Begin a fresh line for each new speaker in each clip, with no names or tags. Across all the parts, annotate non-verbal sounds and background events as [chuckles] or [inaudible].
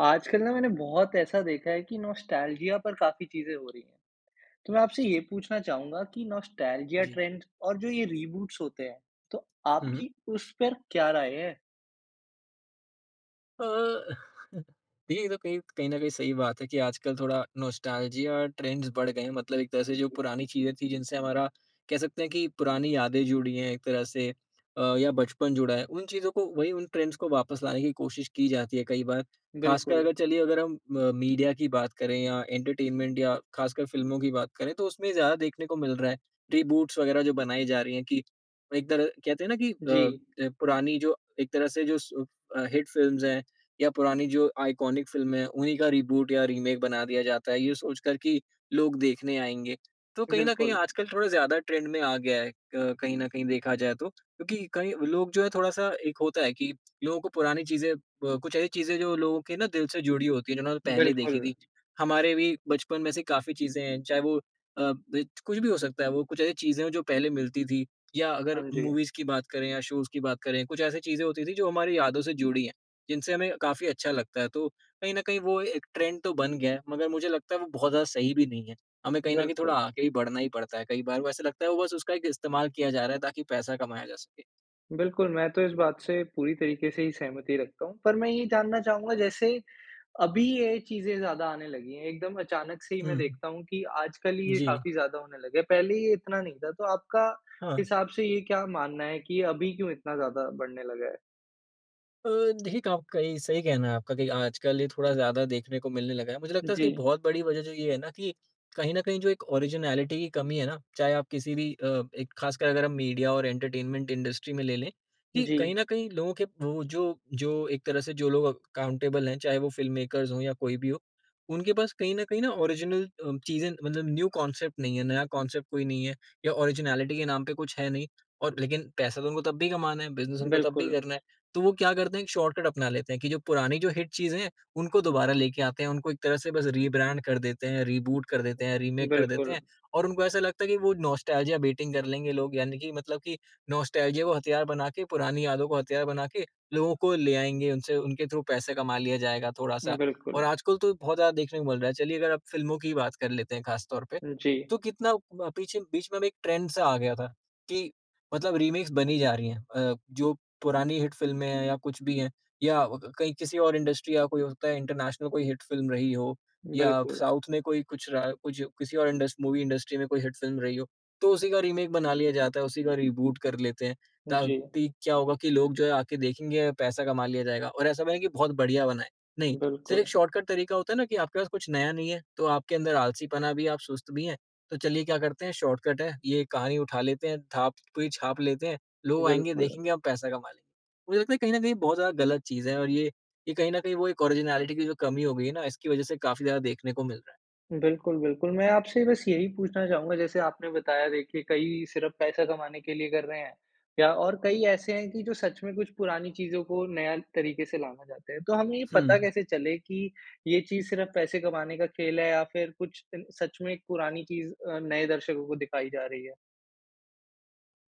आजकल ना मैंने बहुत ऐसा देखा है कि नॉस्टैल्जिया पर काफ़ी चीज़ें हो रही है। तो मैं आपसे ये पूछना चाहूँगा कि नॉस्टैल्जिया
जी।
ट्रेंड और जो ये रीबूट्स होते हैं, तो
हुँ, हुँ।
आपकी उस पर क्या राय है?
अ, [chuckles] देखिए ये तो कहीं कहीं न कहीं सही बात है कि आजकल थोड़ा नॉस्टैल्जिया ट्रेंड्स बढ़ गए हैं। मतलब एक तरह से जो
जी।
पुरानी चीज़ें थीं जिनसे हमारा कह सकते हैं कि पुरानी यादें जुड़ी हैं एक तरह से अ, या बचपन जुड़ा है उन चीज़ों को वही, उन ट्रेंड्स को वापस लाने की कोशिश की जाती है कई बार। ख़ासकर
बिल्कुल।
अगर चलिए अगर हम अ, मीडिया की बात करें या एंटरटेनमेंट या ख़ासकर फिल्मों की बात करें तो उसमें ज़्यादा देखने को मिल रहा है। रीबूट्स वग़ैरह जो बनाई जा रही है कि एक तरह कहते हैं ना कि अ,
जी।
ज पुरानी जो एक तरह से जो स अ, हिट फिल्म्स हैं। या पुरानी जो आइकॉनिक फिल्में हैं, उन्हीं का रीबूट या रीमेक बना दिया जाता है। ये सोच कर कि लोग देखने आएँगे। तो कहीं न कहीं
बिल्कुल।
आजकल थोड़ा ज़्यादा ट्रेंड में आ गया है कहीं न कहीं देखा जाए तो। क्योंकि कई लोग जो है थोड़ा-सा एक होता है कि लोगों को पुरानी चीज़ें अ, कुछ ऐसी चीज़ें जो लोगों के ना दिल से जुड़ी होती हैं जिन्होंनें पहले देखी
बिल्कुल।
थी। हमारे भी बचपन में से काफ़ी चीज़ें हैं चाहे वो अ, ब कुछ भी हो सकता है वो। कुछ ऐसी चीज़ें हैं जो पहले मिलती थी। या
हाँ
अगर
जी।
मूवीज़ की बात करें या, शोज़ की बात करें कुछ ऐसी चीज़ें होती थीं जो हमारी यादों से जुड़ी हैं, जिनसे हमें काफ़ी अच्छा लगता है। तो कहीं न कहीं वो एक ट्रेंड तो बन गया है। मगर मुझे लगता है वो बहुत ज़्यादा सही भी नहीं है। हमें कहीं न कहीं
बिल्कुल।
थोड़ा आगे ही बढ़ना ही पड़ता है। कई बार वो ऐसे लगता है वो बस उसका एक इस्तेमाल किया जा रहा है ताकि पैसा कमाया जा सके।
बिल्कुल, मैं तो इस बात से पूरी तरीके से ही सहमति रखता हूँ। पर मैं ये जानना चाहूँगा जैसे अभी ये चीज़ें ज़्यादा आने लगी हैं। एकदम अचानक से ही मैं
हुँ।
देखता हूँ कि आजकल ये
जी।
काफ़ी ज़्यादा होने लगे हैं। पहले ये इतना नहीं था। तो आपका
हाँ।
हिसाब से ये क्या मानना है कि अभी क्यों इतना ज़्यादा बढ़ने लगा है।
अ, देखिए, क आपका ये सही कहना है आपका कि आजकल ये थोड़ा ज़्यादा देखने को मिलने लगा है। मुझे लगता है इसकी
जी।
बहुत बड़ी वज़ह जो ये है ना कि कहीं न कहीं जो एक ऑरिजिनैलिटी की कमी है ना चाहे आप किसी भी अ, एक ख़ासकर अगर हम मीडिया और एंटरटेनमेंट इंडस्ट्री में ले, लें। कि
जी।
कहीं न कहीं लोगों के वो जो जो एक तरह से जो लोग अकाउंटेबल हैं, चाहे वो फ़िल्म मेकर्स हो या कोई भी हो, उनके पास कहीं न कहीं न, ऑरिजिनल अ, चीज़ें मतलब न्यू कॉन्सेप्ट नहीं है, नया कॉन्सेप्ट कोई नहीं है। या ऑरिजिनैलिटी के नाम पे कुछ है नहीं। और लेकिन पैसा तो उनको तब भी कमाना है, बिज़नेस उनको तब भी
बिल्कुल।
करना है। तो वो क्या करते हैं? एक शॉर्टकट अपना लेते हैं कि जो पुरानी जो हिट चीज़ें हैं, उनको दोबारा लेके आते हैं, उनको एक तरह से बस रीब्रैंड कर देते हैं, रीबूट कर देते हैं, रीमेक कर देते
बिल्कुल।
हैं। और उनको ऐसा लगता है कि वो नॉस्टेल्जिया बेटिंग कर लेंगे लोग। यानी कि मतलब कि नॉस्टेल्जिया को हथियार बना के, पुरानी यादों को हथियार बना के लोगों को ले आएँगे। उनसे उनके थ्रू पैसे कमा लिया जाएगा थोड़ा-सा।
बिल्कुल।
और आजकल तो बहुत ज़्यादा देखने को मिल रहा है। चलिए अगर आप फ़िल्मों की ही बात कर लेते हैं ख़ास तौर पे,
जी।
तो कितना ब पीछे बीच में एक ट्रेंड सा आ गया था कि मतलब रीमेक्स बनी जा रही हैं। अ, जो पुरानी हिट फ़िल्में हैं या कुछ भी है, या क कहीं किसी और इंडस्ट्री या कोई हो सकता है इंटरनेशनल कोई हिट फ़िल्म रही हो, या
बिल्कुल।
साउथ में कोई कुछ रहा कुछ किसी और इंडस मूवी इंडस्ट्री में कोई हिट फ़िल्म रही हो। तो उसी का रीमेक बना लिया जाता है, उसी का रिबूट कर लेते हैं
हुँ, जी।
ताकि क्या होगा कि लोग जो है आके देखेंगे पैसा कमा लिया जाएगा। और ऐसा नहीं है कि बहुत बढ़िया बना है, नहीं।
बिल्कुल।
सिर्फ़ शॉर्टकट तरीका होता है ना कि आपके पास कुछ नया नहीं है तो आपके अंदर आलसीपना भी है, आप सुस्त भी है तो चलिए क्या करते हैं शॉर्टकट है। ये कहानी उठा लेते हैं, थाप कोई छाप लेते हैं। लोग आएँगे
बिल्कुल।
देखेंगे हम पैसा कमा लेंगे। मुझे लगता है कहीं न कहीं बहुत ज़्यादा गलत चीज़ है। और ये ये कहीं न कहीं वो एक ऑरिजिनैलिटी की जो कमी हो गई है ना इसकी वज़ह से काफ़ी ज़्यादा देखने को मिल रहा है।
बिल्कुल, बिल्कुल, मैं आपसे बस यही पूछना चाहूँगा जैसे आपने बताया देखिए कई सिर्फ़ पैसा कमाने के लिए कर रहे हैं। या और कई ऐसे हैं कि जो सच में कुछ पुरानी चीजों को नया तरीके से लाना चाहते है, तो हमें ये पता
हुँ।
कैसे चले की ये चीज़ सिर्फ पैसे कमाने का खेल है या फिर कुछ सच में पुरानी चीज़ नए दर्शकों को दिखाई जा रही है।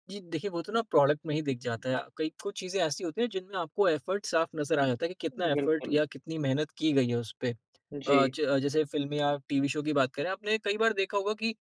जी, देखिए वो तो ना प्रोडक्ट में ही दिख जाता है, कई कुछ चीज़ें ऐसी होती हैं जिनमें आपको एफ़र्ट साफ़ नज़र आ जाता है कि कितना एफ़र्ट
बिल्कुल।
या कितनी मेहनत की गई है उस पे, अ,
जी।
ज जैसे फ़िल्म या टीवी शो की बात करें आपने कई बार देखा होगा कि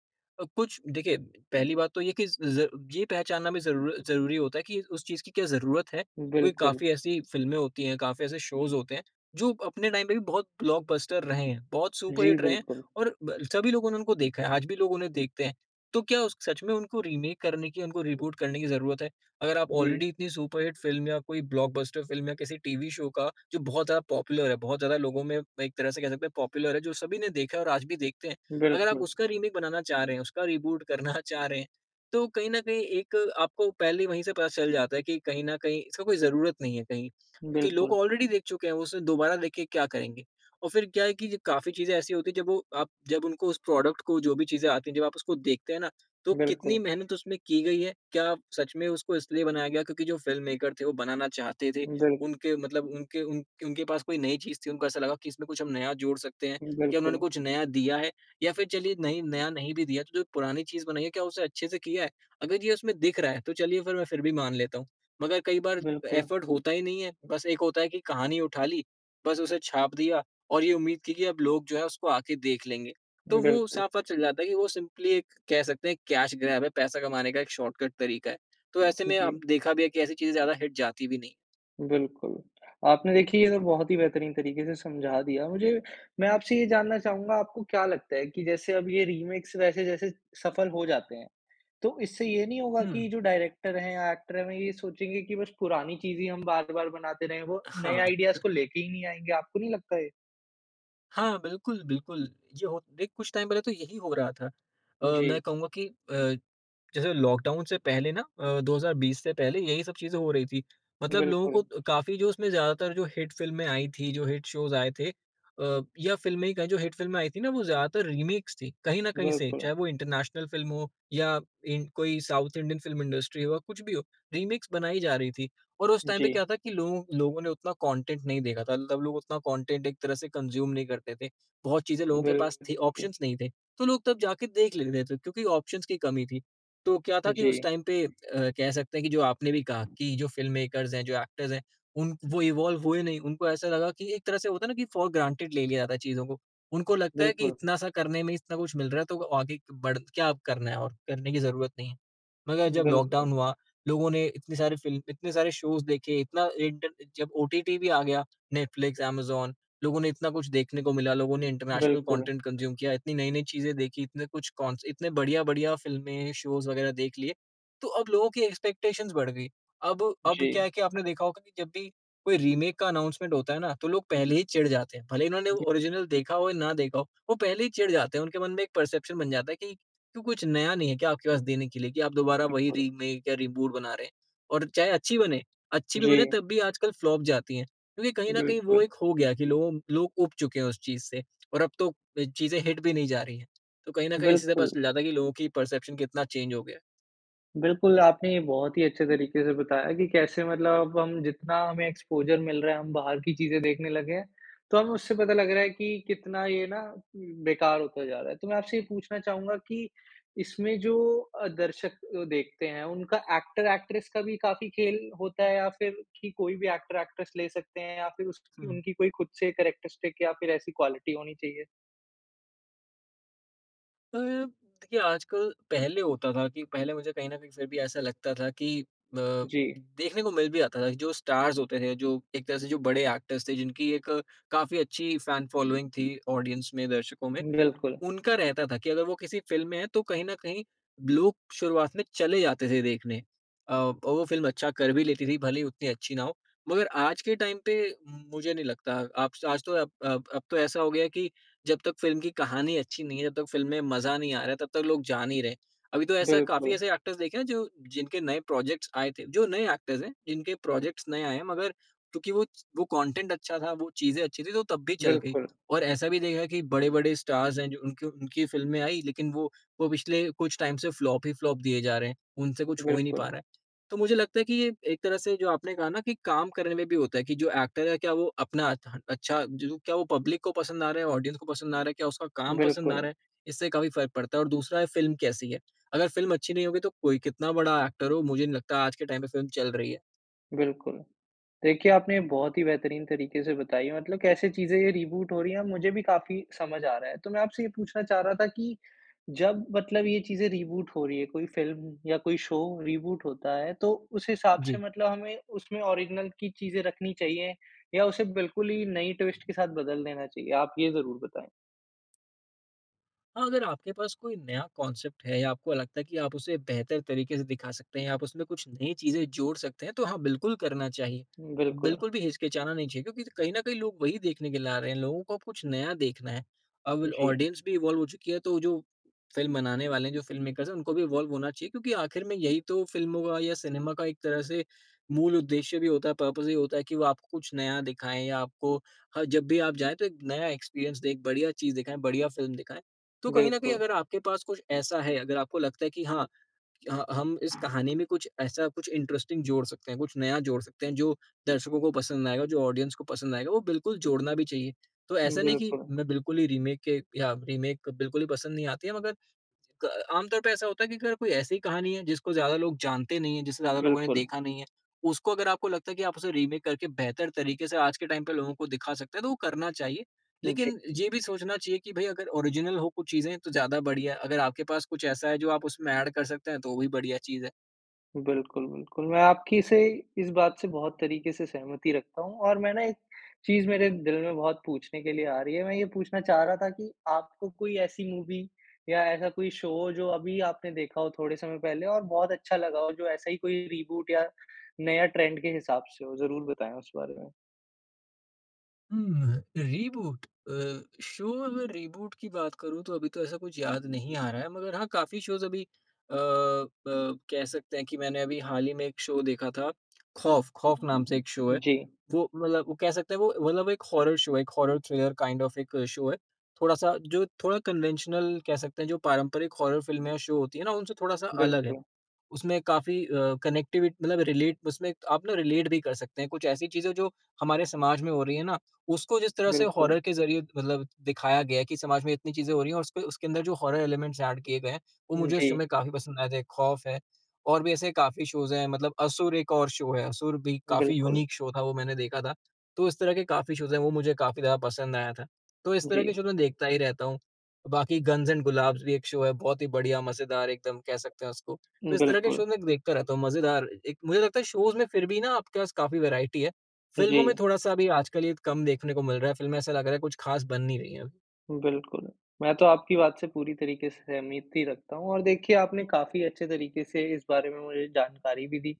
कुछ देखिए पहली बात तो ये कि ज ये पहचानना भी ज़रूर ज़रूरी होता है कि उस चीज़ की क्या ज़रूरत है क्योंकि
बिल्कुल।
काफ़ी ऐसी फ़िल्में होती हैं, काफ़ी ऐसे शोज होते हैं जो अपने टाइम पर भी बहुत ब्लॉकबस्टर रहे हैं, बहुत सुपर
जी,
हिट रहे हैं
बिल्कुल।
और ब सभी लोगों ने उनको देखा है, आज भी लोग उन्हें देखते हैं। तो क्या उस सच में उनको रीमेक करने की उनको रीबूट करने की ज़रूरत है। अगर आप
जी।
ऑलरेडी इतनी सुपर हिट फ़िल्म या कोई ब्लॉकबस्टर फ़िल्म या किसी टीवी शो का जो बहुत ज़्यादा पॉपुलर है, बहुत ज़्यादा लोगों में एक तरह से कह सकते हैं पॉपुलर है जो सभी ने देखा है और आज भी देखते हैं, अगर आप
बिल्कुल।
उसका रीमेक बनाना चाह रहे हैं, उसका रिबूट करना चाह रहे हैं तो कहीं न कहीं एक आपको पहले वहीं से पता चल जाता है कि कहीं न कहीं इसका कोई ज़रूरत नहीं है कहीं, क्योंकि लोग
बिल्कुल।
ऑलरेडी देख चुके हैं वो उसे दोबारा देख के क्या करेंगे? और फिर क्या है कि काफ़ी चीज़ें ऐसी होती है जब वो आप जब उनको उस प्रोडक्ट को जो भी चीज़ें आती हैं, जब आप उसको देखते हैं ना, तो कितनी
बिल्कुल।
मेहनत उसमें की गई है, क्या सच में उसको इसलिए बनाया गया क्योंकि जो फ़िल्ममेकर थे, वो बनाना चाहते थे,
बिल
उनके मतलब उनके उन उनके पास कोई नई चीज़ थी, उनको ऐसा लगा कि इसमें कुछ हम नया जोड़ सकते हैं, क्या उन्होंने
बिल्कुल।
कुछ नया दिया है? या फिर चलिए नहीं नया नहीं भी दिया तो जो पुरानी चीज़ बनाई है क्या उसे अच्छे से किया है? अगर ये उसमें दिख रहा है, तो चलिए फिर मैं फिर भी मान लेता हूँ। मगर कई बार
बिल्कुल।
एफ़र्ट होता ही नहीं है। बस एक होता है कि कहानी उठा ली, बस उसे छाप दिया और ये उम्मीद की कि अब लोग जो है उसको आके देख लेंगे, तो वो
बिल्कुल।
साफ़-साफ़ चल जाता है कि वो सिंपली एक कह सकते हैं कैश ग्रैब है पैसा कमाने का एक शॉर्टकट तरीका है। तो
आप
ऐसे में अब
जी।
देखा भी है कि ऐसी चीज़ें ज़्यादा हिट जाती भी नहीं।
बिल्कुल, आपने देखिए ये तो बहुत ही बेहतरीन तरीके से समझा दिया मुझे, मैं आपसे ये जानना चाहूँगा आपको क्या लगता है कि जैसे अब ये रीमेक वैसे जैसे सफल हो जाते हैं। तो इससे ये नहीं होगा की
हुँ।
जो डायरेक्टर है या एक्टर है वे ये सोचेंगे की बस पुरानी चीज़ ही हम बार-बार बनाते रहे वो नए
हाँ।
आईडियाज़
[chuckles]
को लेके ही नहीं आएँगे, आपको नहीं लगता ये?
हाँ, बिल्कुल, बिल्कुल, ये होत देख, कुछ टाइम पहले तो यही हो रहा था। अ, मैं
जी।
कहूँगा कि अ, जैसे लॉकडाउन से पहले ना अ, 2020 से पहले, यही सब चीज़ें हो रही थी। मतलब लोगों
बिल्कुल।
को काफ़ी, जो उसमें ज़्यादातर जो हिट फ़िल्में आई थीं, जो हिट शोज़ आए थे अ, या फ़िल्में ही कहें, जो हिट फ़िल्में आई थीं ना, वो ज़्यादातर रीमेक्स थीं, कहीं न कहीं से।
बिल्कुल।
चाहे वो इंटरनेशनल फ़िल्म हो या इन कोई साउथ इंडियन फ़िल्म इंडस्ट्री हो या कुछ भी हो, रीमेक्स बनाई जा रही थीं और उस टाइम पे
जी।
क्या था कि लोग लोगों ने उतना कॉन्टेंट नहीं देखा था, तब लोग उतना कॉन्टेंट एक तरह से कंज़्यूम नहीं करते थे। बहुत चीज़ें लोगों के पास थीं
बिल्कुल।
ऑप्शंस नहीं थे। तो लोग तब जाके देख लेते थे, क्योंकि ऑप्शंस की कमी थी। तो क्या था कि उस
जी।
टाइम पे अ, कह सकते हैं कि जो आपने भी कहा कि जो फ़िल्ममेकर्स हैं, जो एक्टर्स हैं, उन क वो इवॉल्व हुए नहीं। उनको ऐसा लगा कि एक तरह से होता है ना कि फ़ॉर ग्रांटेड ले लिया जाता है चीज़ों को। उनको लगता है कि
बिल्कुल।
इतना-सा करने ही में इतना कुछ मिल रहा है, तो वो आगे क बढ़ क्या अब करना है और? करने की ज़रूरत नहीं है। मगर जब
बिल्कुल।
लॉकडाउन हुआ, लोगों ने इतनी सारी फ़िल्म, इतने सारे शोज़ देखे, इतना इंटर्न जब ओटीटी भी आ गया, नेटफ्लिक्स, एमेज़ॉन, लोगों ने इतना कुछ देखने को मिला, लोगों ने इंटरनेशनल
बिल्कुल।
कॉन्टेंट कंज़्यूम किया, इतनी नई-नई चीज़ें देखी, इतने कुछ कॉन्स इतने बढ़िया-बढ़िया फ़िल्में, शोज़ वगैरह देख लिए, तो अब लोगों की एक्सपेक्टेशन्स बढ़ गयी। अब अब
जी।
क्या है कि आपने देखा होगा कि जब भी कोई रीमेक का अनाउंसमेंट होता है ना, तो लोग पहले ही चिढ़ जाते हैं। भले ही इन्होंने वो ओरिजिनल देखा हो या ना देखा हो, वो पहले ही चिढ़ जाते हैं। उनके मन में एक परसेप्शन बन जाता है कि, "क्यों, कुछ नया नहीं है क्या आपके पास देने के लिए, कि आप दोबारा वही
बिल्कुल।
रीमेक या रीबूट बना रहे हैं?" और चाहे अच्छी बने, अच्छी भी बने,
जी।
तब भी आजकल फ्लॉप जाती हैं, क्योंकि कहीं न कहीं, वो
बिल्कुल।
एक हो गया है कि लोगों लोग ऊब चुके हैं उस चीज़ से और अब तो अ, चीज़ें हिट भी नहीं जा रही हैं। तो कहीं न कहीं इसी से पता
बिल्कुल।
चल जाता है कि लोगों की परसेप्शन कितना चेंज हो गया है।
बिल्कुल। आपने ये बहुत ही अच्छे तरीके से बताया कि कैसे मतलब अब हम जितना हमें एक्सपोज़र मिल रहा है, हम बाहर की चीज़ें देखने लगे हैं। तो हमें उससे पता लग रहा हैं कि कितना ये ना बेकार होता जा रहा है। तो मैं आपसे ये पूछना चाहूँगा कि इसमें जो दर्शक देखते हैं, उनका एक्टर-एक्ट्रेस का भी काफ़ी खेल होता है या फिर कि कोई भी एक्टर-एक्ट्रेस ले सकते हैं या फिर उसकी
हुँ।
उनकी कोई खुद से कैरेक्टरिस्टिक या फिर ऐसी क्वालिटी होनी चाहिए?
अप देखिए आजकल पहले होता था कि पहले मुझे कहीं न कहीं फिर भी ऐसा लगता था कि अ,
जी।
देखने को मिल भी जाता था जो स्टार्स होते थे, जो एक तरह से जो बड़े एक्टर्स थे, जिनकी एक काफ़ी अच्छी फैन फ़ॉलोइंग थी ऑडियंस में, दर्शकों में
बिल्कुल।
उनका रहता था कि अगर वो किसी फ़िल्म में हैं तो कहीं न कहीं लोग शुरुआत में चले जाते थे देखने। अ, और वो फ़िल्म अच्छा कर भी लेती थी भले ही उतनी अच्छी ना हो। मगर आज के टाइम पे मुझे नहीं लगता आप आज तो अब अब अब तो ऐसा हो गया है कि जब तक फ़िल्म की कहानी अच्छी नहीं हैं, जब तक फ़िल्म में मज़ा नहीं आ रहा हैं, तब तक लोग जा नहीं रहे हैं। अभी तो ऐसा काफ़ी
बिल्कुल।
ऐसे एक्टर्स देखे हैं जो जिनके नए प्रोजेक्ट्स आए थे, जो नए एक्टर्स हैं, जिनके प्रोजेक्ट्स नए आये हैं मगर क्योकि वो वो कॉटेंट अच्छा था, वो चीज़ें अच्छी थी तो तब भी चल गयी।
बिल्कुल।
और ऐसा भी देखा कि बड़े-बड़े स्टार्स हैं जो उनके उनकी फ़िल्में आईं लेकिन वो वो पिछले कुछ टाइम से फ्लॉप ही फ्लॉप दिए जा रहे हैं। उनसे कुछ हो ही नहीं पा
बिल्कुल।
रहा हैं। तो मुझे लगता है कि ये एक तरह से जो आपने कहा न कि काम करने में भी होता हैं कि जो एक्टर है क्या वो अपना अ, अच्छा जो क्या वो पब्लिक को पसंद आ रहा हैं? ऑडियंस को पसंद आ रहा हैं? क्या उसका काम पसंद आ
बिल्कुल।
रहा है? इससे काफ़ी फ़र्क पड़ता है। और दूसरा है फ़िल्म कैसी है? अगर फ़िल्म अच्छी नहीं होगी तो कोई कितना बड़ा एक्टर हो, मुझे नहीं लगता आज के टाइम पे फ़िल्म चल रही है।
बिल्कुल देखिए आपने बहुत ही बेहतरीन तरीके से बताई है मतलब कैसे चीज़ें ये रिबूट हो रही हैं मुझे भी काफ़ी समझ आ रहा है। तो मैं आपसे ये पूछना चाह रहा था कि जब मतलब ये चीज़ें रिबूट हो रही हैं कोई फिल्म या कोई शो रिबूट होता है तो, उस हिसाब से
जी।
मतलब हमें उसमें ओरिज़िनल की चीज़ें रखनी चाहिए या उसे बिल्कुल ही नई ट्विस्ट के साथ बदल देना चाहिए? आप ये ज़रूर बताएँ।
हाँ, अगर आपके पास कोई नया कॉन्सेप्ट है या आपको लगता है कि आप उसे बेहतर तरीके से दिखा सकते हैं, आप उसमें कुछ नई चीज़ें जोड़ सकते हैं, तो हाँ बिल्कुल करना चाहिए।
बिल्कुल।
बिल्कुल भी हिचकिचाना नहीं चाहिए। क्योंकि कहीं न कहीं लोग वही देखने के लिए आ रहे हैं, लोगों को कुछ नया देखना है। अब
जी।
ऑडियंस भी इवॉल्व हो चुकी है तो जो फ़िल्म बनाने वाले हैं, जो फ़िल्म मेकर्स हैं उनको भी इवॉल्व होना चाहिए। क्योंकि आख़िर में यही तो फ़िल्मों का या सिनेमा का एक तरह से मूल उद्देश्य भी होता है। पर्पस यहीं होता है की वो आपको कुछ नया दिखाएँ या आपको ह जब भी आप जाएँ तो एक नया एक्सपीरियंस, एक बढ़िया चीज़ दिखाएँ, बढ़िया फ़िल्म दिखाएँ। तो कहीं न कहीं
बिल्कुल।
अगर आपके पास कुछ ऐसा है अगर आपको लगता है कि हाँ, ह हम इस कहानी में कुछ ऐसा कुछ इंटरेस्टिंग जोड़ सकते हैं, कुछ नया जोड़ सकते हैं जो दर्शकों को पसंद आएगा, जो ऑडियंस को पसंद आएगा, वो बिल्कुल जोड़ना भी चाहिए। तो ऐसा नहीं कि
बिल्कुल।
मैं बिल्कुल ही रीमेक के या रीमेक बिल्कुल ही पसंद नहीं आती है मगर क आम तौर पे ऐसा होता है कि अगर कोई ऐसी ही कहानी है जिसको ज़्यादा लोग जानते नहीं है, जिसे ज़्यादा लोगों ने
बिल्कुल।
देखा नहीं है, उसको अगर आपको लगता है कि आप उसे रीमेक करके बेहतर तरीके से आज के टाइम पे लोगों को दिखा सकते हैं तो वो करना चाहिए।
जी।
लेकिन ये भी सोचना चाहिए कि भाई अगर ओरिज़िनल हो कुछ चीज़ें तो ज़्यादा बढ़िया है। अगर आपके पास कुछ ऐसा है जो आप उसमें ऐड कर सकते हैं तो वो भी बढ़िया चीज़ है।
बिल्कुल, बिल्कुल, मैं आपकी से इस बात से बहुत तरीके से सहमति रखता हूँ, और मैं ना एक चीज़ मेरे दिल में बहुत पूछने के लिए आ रही है। मैं ये पूछना चाह रहा था कि आपको कोई ऐसी मूवी या ऐसा कोई शो हो, जो अभी आपने देखा हो थोड़े समय पहले और बहुत अच्छा लगा हो, जो ऐसा ही कोई रीबूट या नया ट्रेंड के हिसाब से हो, ज़रूर बताएँ उस बारे में?
हुँ, अह रीबूट अ, शो अगर रीबूट की बात करूँ तो अभी तो ऐसा कुछ याद नहीं आ रहा है मगर हाँ, काफ़ी शोज अभी अ, ब कह सकते हैं कि मैंने अभी हाल ही में एक शो देखा था, [smacks lips] खौफ, खौफ नाम से एक शो है,
जी।
वो मतलब वो कह सकते है वो मतलब एक हॉरर शो है, एक हॉरर थ्रिलर काइंड ऑफ एक शो है। थोड़ा-सा जो थोड़ा कन्वेंशनल कह सकते हैं जो पारंपरिक हॉरर फिल्में या शो होती है ना उनसे थोड़ा-सा अलग है,
बिल्कुल।
उसमें काफ़ी अ, कनेक्टिव मतलब रिलेट उसमें आप ना रिलेट भी कर सकते हैं कुछ ऐसी चीज़ें जो हमारे समाज में हो रही है ना उसको जिस तरह से
बिल्कुल।
हॉरर के ज़रिए मतलब दिखाया गया है कि समाज में इतनी चीज़ें हो रही हैं और उसके उसके अंदर जो हॉरर एलिमेंट्स एड किए गए हैं वो
हुँ,
मुझे उस शो
जी।
में काफ़ी पसंद आए थे। खौफ है और भी ऐसे काफ़ी शोज हैं मतलब असुर एक और शो है, असुर भी काफ़ी
बिल्कुल।
यूनिक शो था वो मैंने देखा था। तो इस तरह के काफ़ी शोज हैं वो मुझे काफ़ी ज़्यादा पसंद आया था। तो इस तरह
जी।
के शोज में देखता ही रहता हूँ। बाकी गंस एण्ड गुलाब्स भी एक शो है बहुत ही बढ़िया, मज़ेदार एकदम कह सकते हैं उसको। तो इस तरह के
बिल्कुल।
शोज में देखता रहता हूँ मज़ेदार एक मुझे लगता है शोज में फिर भी ना आपके पास काफ़ी वेराइटी है। फिल्मों में
जी।
थोड़ा-सा अभी आजकल ये कम देखने को मिल रहा है। फिल्में ऐसा लग रहा है कुछ ख़ास बन नहीं रही है अब।
बिल्कुल, मैं तो आपकी बात से पूरी तरीके से सहमति रखता हूँ, और देखिए आपने काफ़ी अच्छे तरीके से इस बारे में मुझे जानकारी भी दी।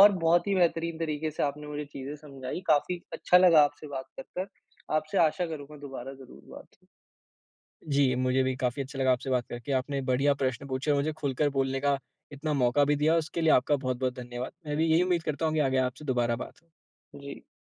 और बहुत ही बेहतरीन तरीके से आपने मुझे चीज़ें समझायी, काफ़ी अच्छा लगा आपसे बात कर कर। आपसे आशा करूँगा दोबारा ज़रूर बात हो।
जी, मुझे भी काफ़ी अच्छा लगा आपसे बात करके। आपने बढ़िया प्रश्न पूछे, मुझे खुलकर बोलने का इतना मौका भी दिया, उसके लिए आपका बहुत-बहुत धन्यवाद। मैं
उ,
भी यही
जी।
उम्मीद करता हूँ कि आगे आपसे दोबारा बात हो।
जी।